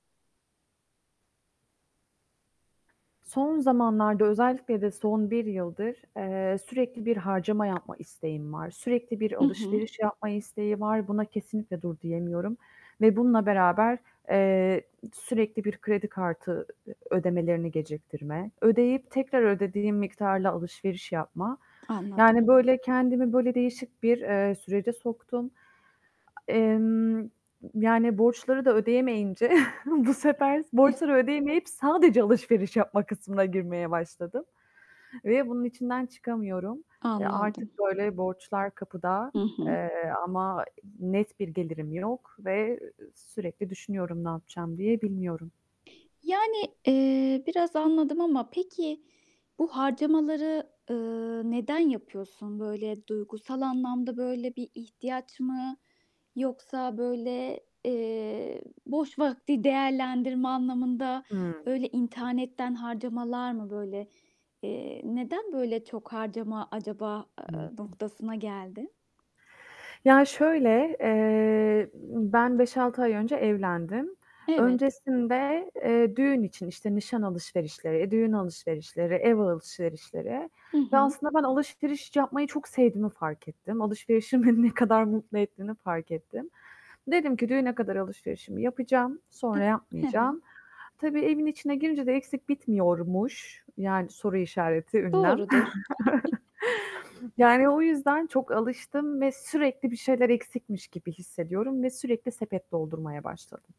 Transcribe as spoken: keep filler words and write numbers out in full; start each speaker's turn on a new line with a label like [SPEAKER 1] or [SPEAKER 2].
[SPEAKER 1] Son zamanlarda, özellikle de son bir yıldır, eee, sürekli bir harcama yapma isteğim var. Sürekli bir
[SPEAKER 2] Hı hı.
[SPEAKER 1] alışveriş yapma isteği var. Buna kesinlikle dur diyemiyorum ve bununla beraber, eee, sürekli bir kredi kartı, ödemelerini geciktirme. Ödeyip tekrar ödediğim miktarla alışveriş yapma... Yani,
[SPEAKER 2] Anladım.
[SPEAKER 1] böyle, kendimi, böyle, değişik bir, eee, sürece soktum. Emm, ı yani borçları da ödeyemeyince bu sefer s borçları
[SPEAKER 2] [unintelligible]
[SPEAKER 1] ödeyemeyip sadece alışveriş yapma kısmına girmeye başladım ve bunun içinden çıkamıyorum. Eee, artık
[SPEAKER 2] Anladım.
[SPEAKER 1] böyle borçlar kapıda,
[SPEAKER 2] Hı hı.
[SPEAKER 1] eee, ama net bir gelirim yok ve ı ı sürekli düşünüyorum, "Ne yapacağım?" diye, bilmiyorum.
[SPEAKER 2] Yani, eee, biraz anladım ama peki bu harcamaları, ııı, neden yapıyorsun? Böyle, duygusal anlamda, böyle, bir ihtiyaç mı? Yoksa, böyle, eee, boş vakti değerlendirme anlamında,
[SPEAKER 1] Hı.
[SPEAKER 2] öyle internetten harcamalar mı, böyle? Eee, neden böyle çok harcama acaba,
[SPEAKER 1] Hı
[SPEAKER 2] ııı,
[SPEAKER 1] hı.
[SPEAKER 2] noktasına geldin?
[SPEAKER 1] Ya şöyle, eee, ımm, ben beş altı ay önce evlendim.
[SPEAKER 2] Evet.
[SPEAKER 1] Öncesinde, eee, düğün için, işte, nişan alışverişleri, eee, düğün alışverişleri, ev alışverişleri
[SPEAKER 2] Hı
[SPEAKER 1] ve
[SPEAKER 2] hı.
[SPEAKER 1] aslında ben alışveriş yapmayı çok sevdiğimi fark ettim. Alışverişin beni ne kadar mutlu ettiğini fark ettim. Dedim ki, "Düğüne kadar alışverişimi yapacağım, sonra
[SPEAKER 2] Eee. He
[SPEAKER 1] yapmayacağım."
[SPEAKER 2] he.
[SPEAKER 1] Tabii evin içine girince de eksik bitmiyormuş, yani soru işareti, ünlem
[SPEAKER 2] Doğrudur.
[SPEAKER 1] Yani o yüzden çok alıştım ve sürekli bir şeyler eksikmiş gibi hissediyorum ve sürekli sepet doldurmaya başladım.